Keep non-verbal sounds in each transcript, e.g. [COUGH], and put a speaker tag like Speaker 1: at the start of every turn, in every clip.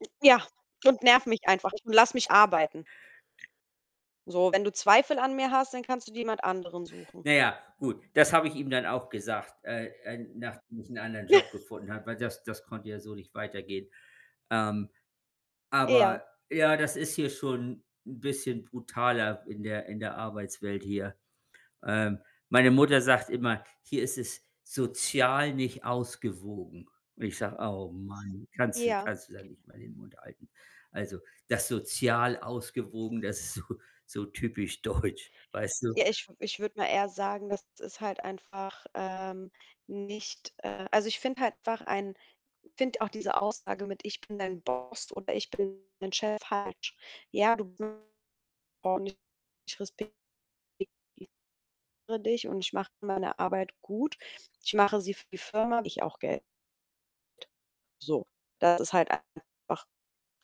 Speaker 1: M ja und nerv mich einfach [UNINTELLIGIBLE] und lass mich arbeiten. So, wenn du Zweifel an mir hast, dann kannst du dir jemand anderen suchen.
Speaker 2: Na ja, gut, das habe ich ihm dann auch gesagt, äh, äh, nachdem ich 'n anderen Job
Speaker 1: [SNORTS]
Speaker 2: gefunden habe, weil das das konnte ja so nicht weitergehen. Ähm,
Speaker 1: Ja.
Speaker 2: aber, ja, das ist hier schon 'n bisschen brutaler in der in der Arbeitswelt hier. Ähm, meine Mutter sagt immer: „Hier ist es sozial nicht ausgewogen.“ Und ich sage: „Oh Mann, kannst du
Speaker 1: Ja.
Speaker 2: kannst du da nicht mal den Mund halten?“ Also, das sozial ausgewogen, das ist so so typisch deutsch, weißt du?
Speaker 1: Ja, ich ich würde mal eher sagen, das ist halt einfach, ähm, nicht, äh also, ich finde halt ein finde auch diese Aussage mit „ich bin dein Boss” oder „ich bin dein Chef” falsch. Ja, du [UNINTELLIGIBLE] und ich respektiere dich und ich mache meine Arbeit gut. Ich mache sie für die Firma, [UNINTELLIGIBLE] auch Geld. So, das ist halt einfach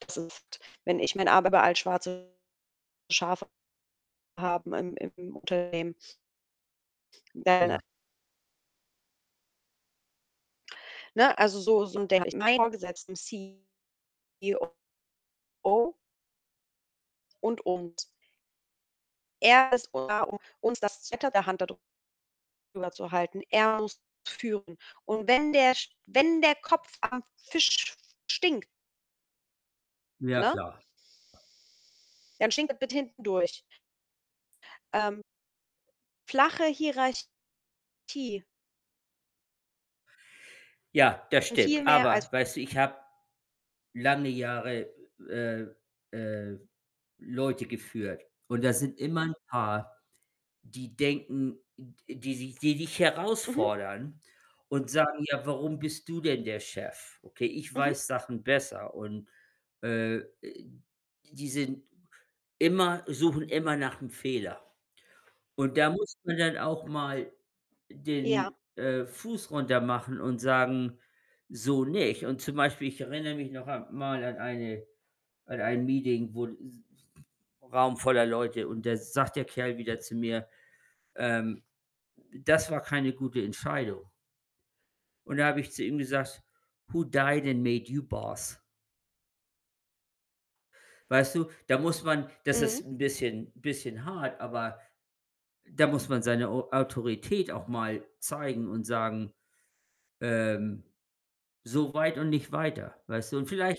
Speaker 1: das ist wenn ich [UNINTELLIGIBLE] Arbeit überall schwarze Schafe haben im im Unternehmen [UNINTELLIGIBLE]
Speaker 2: Ja.
Speaker 1: Ne, also, so so denke ich. Meinen Vorgesetzten, CEO und uns. Er ist da, um uns das [UNINTELLIGIBLE] Hand da drüber zu halten. Er muss führen. Und wenn der Sch wenn der Kopf am Fisch stinkt
Speaker 2: Ja
Speaker 1: ne
Speaker 2: klar.
Speaker 1: dann stinkt es bis hinten durch. Ähm flache Hierarchie.
Speaker 2: Ja, das
Speaker 1: Viel
Speaker 2: stimmt.
Speaker 1: mehr als
Speaker 2: Aber weißt du, ich habe lange Jahre, äh, äh, Leute geführt, und da sind immer 'n paar, die denken d die sich die dich
Speaker 1: Mhm.
Speaker 2: herausfordern und sagen: „Ja, warum bist du denn der Chef? Okay, ich
Speaker 1: Mhm.
Speaker 2: weiß Sachen besser.“ Und, äh, äh, die sind immer suchen immer nach'm Fehler. Und da muss man dann auch mal
Speaker 1: Ja.
Speaker 2: den, äh, Fuß runtermachen und sagen: „So nicht.“ Und zum Beispiel, ich erinnere mich noch a mal an eine an ein Meeting, wo s Raum voller Leute, und da sagt der Kerl wieder zu mir, ähm: „Das war keine gute Entscheidung.“ Und da habe ich zu ihm gesagt: „Who died and made you boss?“ Weißt du, da muss man das
Speaker 1: Mhm.
Speaker 2: ist 'n bisschen bisschen hart, aber da muss man seine Au Autorität auch mal zeigen und sagen, ähm: „So weit und nicht weiter“, weißt du? Und vielleicht